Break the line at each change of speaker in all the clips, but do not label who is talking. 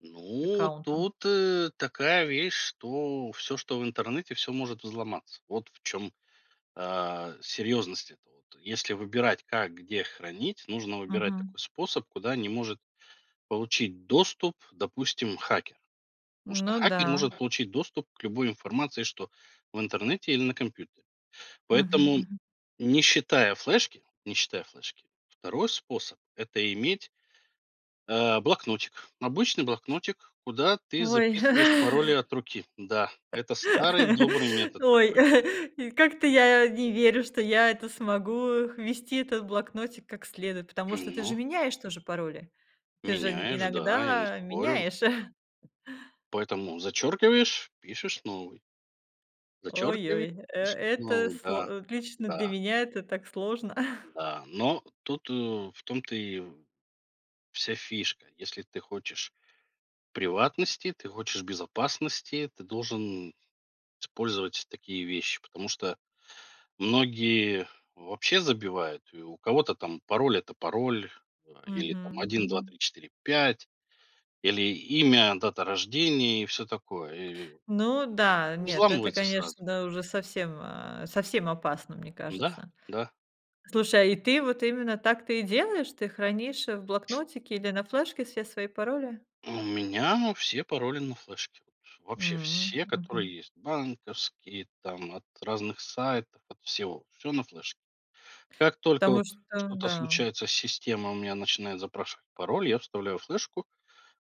Ну,
Аккаунта.
тут, э, такая вещь, что всё, что в интернете- всё может взломаться. Вот в чём, а, серьезность эта вот. Если выбирать, как, где хранить, нужно выбирать
Мгм.
такой способ, куда не может получить доступ, допустим, хакер. Потому что
Ну
хакер
да.
может получить доступ к любой информации, что в интернете или на компьютере.
Мгм
Поэтому
мгм.
не считая флешки не считая флешки, 2 способ- это иметь а, блокнотик. Обычный блокнотик, куда ты
Ой.
записываешь пароли от руки. Да, это старый добрый метод
Ой.
такой.
И как-то я не верю, что я это смогу х вести этот блокнотик, как следует, потому что ты
Умно.
же меняешь тоже пароли. Ты же н
Меняешь, да, я не
иногда
спорю.
меняешь.
Поэтому зачеркиваешь, пишешь новый. Зачеркивае
Ой-ой, э
пишешь
это
новый,
сло
да.
от лично для
Да.
меня- это так сложно.
Да, но тут, э, в том то и в вся фишка. Если ты хочешь приватности, ты хочешь безопасности, ты должен использовать такие вещи. Потому что многие вообще забивают. И у кого-то там, пароль- это пароль, э, или там,
Мгм
один два
мгм.
три четыре пять, или имя, дата рождения и всё такое, и
Ну
это
да.
всё
Нет, это,
взламывается сразу.
конечно, да, уже совсем, а, совсем опасно, мне
Да,
кажется.
да.
Слушай, а и ты вот именно так ты и делаешь, ты хранишь в блокнотике или на флешке все свои пароли?
А у меня все пароли на флешке. Вот вообще
М.
все которые
Мгм.
есть, банковские, там, от разных сайтов, от всего- всё на флешке. Как только
Потому
вот
что
что-то
да.
случается, система у меня начинает запрашивать пароль. Я вставляю флешку,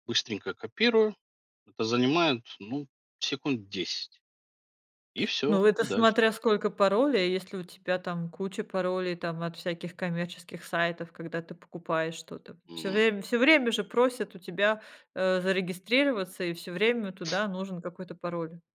быстренько копирую. Это занимает, ну, секунд 10. И всё,
Ну, это
и дальше.
смотря сколько паролей. Если у тебя, там, куча паролей, там, от всяких коммерческих сайтов. Когда ты покупаешь что-то, всё
М-м.
время всё время же просят у тебя, э, зарегистрироваться и всё время туда нужен какой-то пароль.